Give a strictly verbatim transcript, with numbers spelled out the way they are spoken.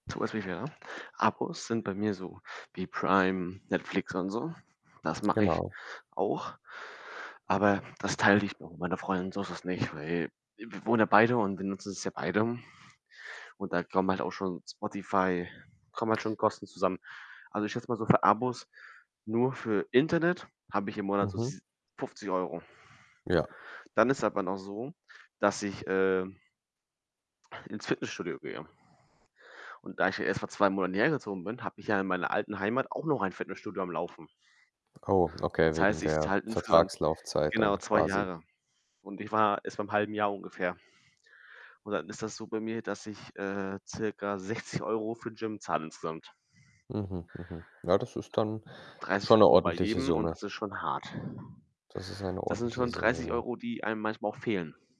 So was wie wer Abos sind bei mir so wie Prime, Netflix und so. Das mache ich Genau. auch, aber das teile ich noch mit meiner Freundin, so ist das nicht, weil w wir wohnen ja beide und benutzen es ja beide, und da kommen halt auch schon Spotify kommen halt schon Kosten zusammen. Also, ich schätze mal so, für Abos nur für Internet habe ich im Monat so Mhm. s fünfzig Euro. Ja. Dann ist aber noch so, dass ich, äh ins Fitnessstudio gehe. Und da ich ja erst vor zwei Monaten hier hergezogen bin, habe ich ja in meiner alten Heimat auch noch ein Fitnessstudio am Laufen. Oh, okay, Das wegen heißt, ich der zahle insgesamt Vertragslaufzeit genau, dann zwei quasi. Jahre. Und ich war erst beim halben Jahr ungefähr. Und dann ist das so bei mir, dass ich, äh, circa sechzig Euro für Gym zahle insgesamt. Mhm, mhm. Ja, das ist dann schon dreißig 'ne Euro bei ordentliche jedem und Summe. das ist schon hart. Das ist eine Das sind ordentliche schon Summe, dreißig ja. Euro die einem manchmal auch fehlen.